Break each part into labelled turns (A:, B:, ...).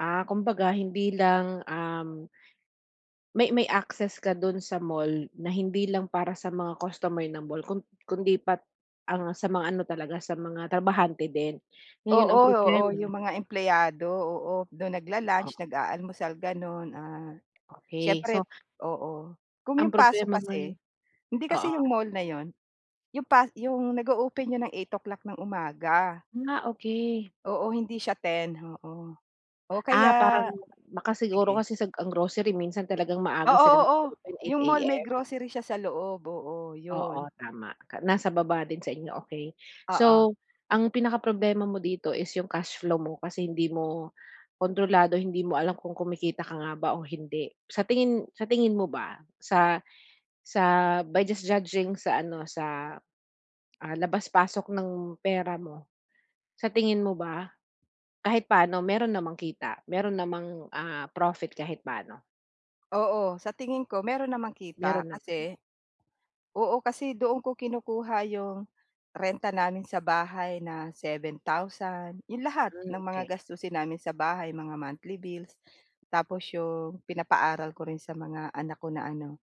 A: Ah, kumbaga, hindi lang, um, may may access ka dun sa mall na hindi lang para sa mga customer ng mall kun kundi pat ang sa mga ano talaga, sa mga trabahante din. Ngayon,
B: Oo,
A: ang
B: oo.
A: problema
B: 'Yong mga empleyado, oo. Do'n
A: Oh.
B: nagla-lunch, nag-aalmusal, gano'n. Ah,
A: Okey,
B: siyempre
A: so
B: oo. Kung
A: Ang
B: 'yong pasok
A: problema ngayon
B: kasi, hindi kasi
A: oo.
B: 'yong mall na 'yon, 'yong pa 'yong nag-o-open yun ng 8 o'clock ng umaga.
A: Ah, okey.
B: Oo, hindi siya 10, oo. Oh, kaya
A: Ah, parang baka siguro
B: sige.
A: kasi sa ang grocery minsan talagang
B: Oo,
A: maaga sila
B: oo.
A: nag-o-open, 8
B: 'Yong mall may
A: AM.
B: grocery siya sa loob, oo,
A: Oo,
B: 'yon.
A: tama ka nasa baba din sa inyo, okey.
B: Oo.
A: So, ang pinaka problema mo dito is yung cash flow mo kasi hindi mo kontrolado, hindi mo alam kung kumikita ka nga ba o hindi. Sa tingin sa tingin mo ba, sa sa by just judging sa ano, sa, ah, labas-pasok ng pera mo. Sa tingin mo ba, kahit paano meron namang kita? Meron namang, ah, profit kahit paano?
B: Oo. Sa tingin ko, meron namang kita
A: Meron naman.
B: kasi oo. Kasi doon ko kinukuha 'yong renta namin sa bahay na 7,000, 'yong lahat
A: Hmm,
B: ng mga
A: okey.
B: gastusin namin sa bahay, mga monthly bills. Tapos 'yong pinapaaral ko rin sa mga anak ko na ano,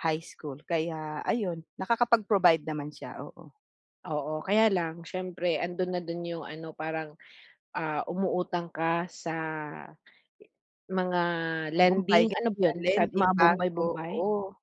B: high school. Kaya ayun, nakakapag-provide naman siya, oo.
A: Oo, kaya lang siyempre, andun na dun yung ano, parang, ah, umuutang ka sa mga
B: Bumbay,
A: lending. Ano ba
B: ganyan.
A: yun, sa
B: Lending,
A: mga bumbay,
B: bangko,
A: bumbay?
B: oo.